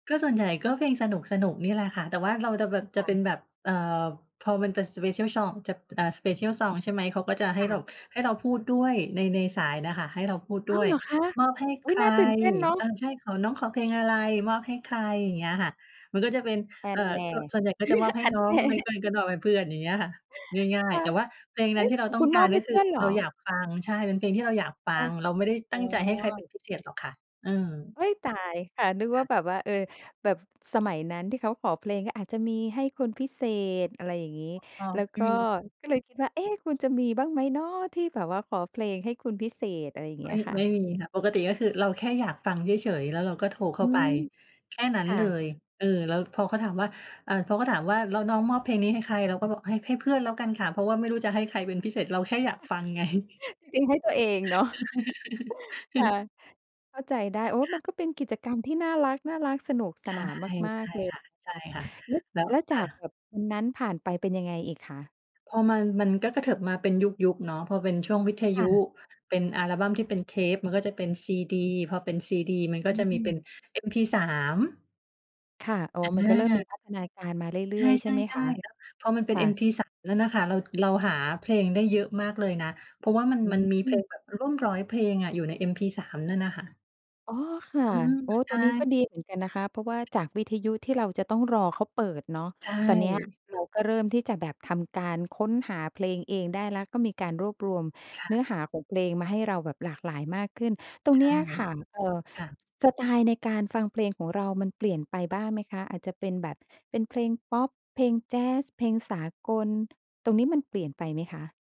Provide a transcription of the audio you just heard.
ก็ส่วนใหญ่ก็เพลงสนุก ๆ นี่แหละค่ะ แต่ว่าเราจะแบบ จคะ่เปะ ็นแบบ เอ่อ พอมันเป็น Special Song จะ เอ่อ Special Song ใช่ไหม เขาก็จะให้ค่ะ แบบ ให้เราพูดด้วย ใน ในสายน่ะค่ะ ให้เราพูดอด้้าว! วย เหรอคะ มอบให้อใุค๊ย! ร น่าตื่นเต้นเนาเอะ อ ใช่ ขอ น้องขอเพลงอะไร? มอบให้ใคร? อย่างเงี้ยค่ะ มันก็จะเป็น ฮเั่อ่นอ แน่ ก ส่วนใหญ่ก็จะมอบให้ฮั่นน้อแง น่ ไม่ ไม่ก็มอบให้เพื่อน อย่างเงี้ยค่ะ ง่าคย ๆ ่แะ ต่ว่าเพลงเอนั้๊นะ ที่เรขาองต้คอุงณกมาอร บใหก็้เคพือื่อนเหรเราอ? อยากฟัง ใช่ เป็นเพลงที่เราอยากฟัค่ะ ง เราไม่ได้อตั๋้งใจให้ใครเป็อ นพิเศษหรอกค่ะ เออ เอ๊ย! ตาย ค่ะ นึกวค่า่ะ แบบว่า เออ แบบสมัยนั้นที่เขาขอเพลง ก็อาจจะมีให้คนพิเศษ อะไรอย่างงี้ แล้วก็ [unintelligible] ก็เลยคิดว่า เอ๊ะ! คุณจะมีบ้างไหมหนอ ที่แบบว่าขอเพลงให้คนพิเศษ อะไรอย่างเงไมี้่ ยค่ไมะ? ่มีค่ะ ปกติก็คือเราแค่อยากฟังเฉย ๆ แล้วเราก็โทรเขอ้าืไป ม แค่นั้คน่เละ ย เออ แล้วพอเขาถามว่า เอ่อ เขาก็ถามว่า "แล้วน้องมอบเพลงนี้ให้ใคร?" เราก็บอก "ให้ ให้เพื่อนแล้วกันค่ะ" เพราะว่าไม่รู้จะให้ใครเป็นพิเศษ เราแค่อยากฟัง ไง จริงให้ตัวเองเนาะ ค่ะ เข้าใจได้ โอ้ คมั่นะ ก็เป็นกิจกรรมที่น่ารัก ๆ สนุกสใช่ นานมาใชก ่ๆ เลยค่ะ ค่ะ แล้ว ๆ แล้ว แล้วคจา่กแะ บบวันนั้นผ่านไปเป็นยังไงอีกคะ? พอมัน มันก็กระเถิบมาเป็นยุค ๆ เนาะ พอเป็นช่วงวิทคยุ่ ะ เป็นอัลบัมที่เป็นเทป มันก็จะเป็นซีดี พอเป็นซีดี มันกอ็จะมีเป็ืม นเอ็มพีสาม ค่ะ อ๋อ มันก็เริ่มอมา ีพัฒนาการมาเรืใช่อย ๆ ใช่ไหมค่ ะ? ๆ ๆ แล้วพอมันเป็คน่เอ็มะ พีสามนั่นน่ะค่ะ เรา เราหาเพลงได้เยอะมากเลยนะ เพราะว่า มัน อมัืนมีเพลม งแบบร่วม 100 เพลงอะอยู่ในเอ็มพีสามนั่นน่ะค่ะ อ๋อ ค่ะ อืม โอ้ ใชตรงนี้่ ก็ดีเหมือนกันนะคะ เพราะว่าจากวิทยุที่เราจะต้องรอเขาเปิดเนาะ ใชตอนเนี้ย่ เราก็เริ่มที่จะแบบทำการค้นหาเพลงเองได้แล้ว ก็มีการรวบรวมค่ะ เนื้อหาของเพลงมาให้เราแบบหลากหลายมากขึ้น ตรงใชเนี่ ้ยค่ะ เอ่อ ค่ะ ส สไตล์ในการฟังเพลงของเรามันเปลี่ยนไปบ้างไหมคะ? อาจจะเป็นแบบ เป็นเพลงพอป เพลงแจซ เพลงสากล ตรงนี้มันเปลี่ยนไปไหมคะ?